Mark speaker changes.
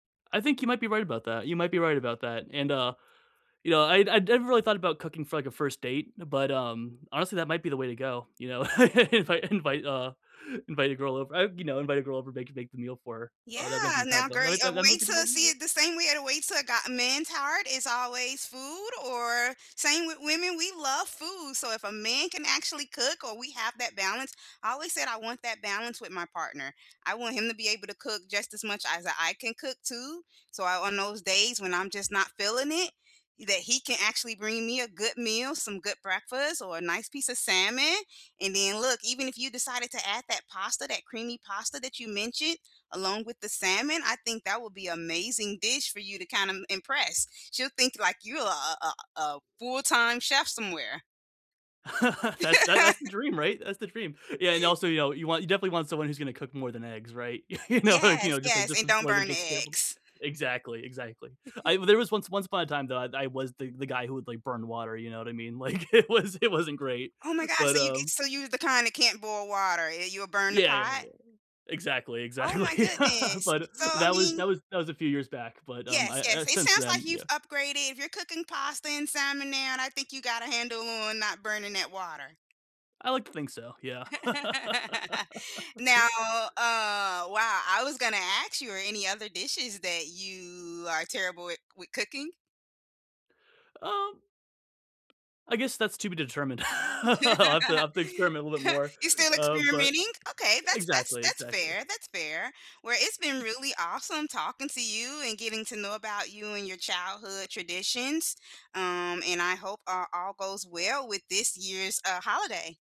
Speaker 1: I think you might be right about that, you might be right about that, and, uh, you know, I'd I'd never really thought about cooking for, like, a first date, but, um, honestly, that might be the way to go, you know? If I invite, uh, invite a girl over I've you know, invite a girl over, make make the meal for her,
Speaker 2: Yeah,
Speaker 1: although that might be kind of,
Speaker 2: now,
Speaker 1: uh,
Speaker 2: girl,
Speaker 1: that
Speaker 2: uh,
Speaker 1: that might
Speaker 2: wait
Speaker 1: be the
Speaker 2: 'til
Speaker 1: way
Speaker 2: I
Speaker 1: to do
Speaker 2: see
Speaker 1: it.
Speaker 2: it the same way the way to a guy a man's heart is always food or same with women, we love food, so if a man can actually cook or we have that balance I always said I want that balance with my partner. I want him to be able to cook just as much as I can cook too. So I on those days when I'm just not feeling it, that he can actually bring me a good meal, some good breakfast, or a nice piece of salmon. And then look, even if you decided to add that pasta, that creamy pasta that you mentioned along with the salmon, I think that would be amazing dish for you to kinda im impress. She'll think like you're a a a a full time chef somewhere.
Speaker 1: That's tha that's the dream, right, that's the dream. Yeah and also, you know, you want you definitely want someone who's gonna cook more than eggs, right? You know, like, you
Speaker 2: Yes,
Speaker 1: know, just like
Speaker 2: yes,
Speaker 1: just
Speaker 2: and don't
Speaker 1: more than
Speaker 2: burn the
Speaker 1: just scrambled
Speaker 2: eggs.
Speaker 1: exactly, exactly. I there was once once upon a time that I I was the the guy who would, like, burn water, you know what I mean, like it was it wasn't great.
Speaker 2: Oh my god,
Speaker 1: But,
Speaker 2: so you can
Speaker 1: um
Speaker 2: so you're the kind that can't boil water, eh you'll burn the
Speaker 1: Yeah, yeah, yeah,
Speaker 2: pot?
Speaker 1: yeah. Exactly,
Speaker 2: Oh my
Speaker 1: exactly.
Speaker 2: goodness.
Speaker 1: But
Speaker 2: So, I
Speaker 1: that was
Speaker 2: mean
Speaker 1: that was that was a few years back, but, um,
Speaker 2: Yes,
Speaker 1: I I
Speaker 2: yes. It
Speaker 1: since
Speaker 2: sounds like
Speaker 1: then yeah.
Speaker 2: you've upgraded, if you're cooking pasta and salmon now, I think you got a handle on not burning that water.
Speaker 1: I like to think so, yeah.
Speaker 2: Now, uh, wow I was gonna ask you, are there any other dishes that you are terrible wit with cooking?
Speaker 1: Um I guess that's to be determined, I'll have to I'll have to experiment a little bit more,
Speaker 2: You're still
Speaker 1: uh, but
Speaker 2: experimenting, okay, that's that's
Speaker 1: Exactly,
Speaker 2: that's fair,
Speaker 1: exactly.
Speaker 2: that's fair. Well, it's been really awesome talking to you and getting to know about you and your childhood traditions, um, and I hope a all goes well with this year's, uh, holiday.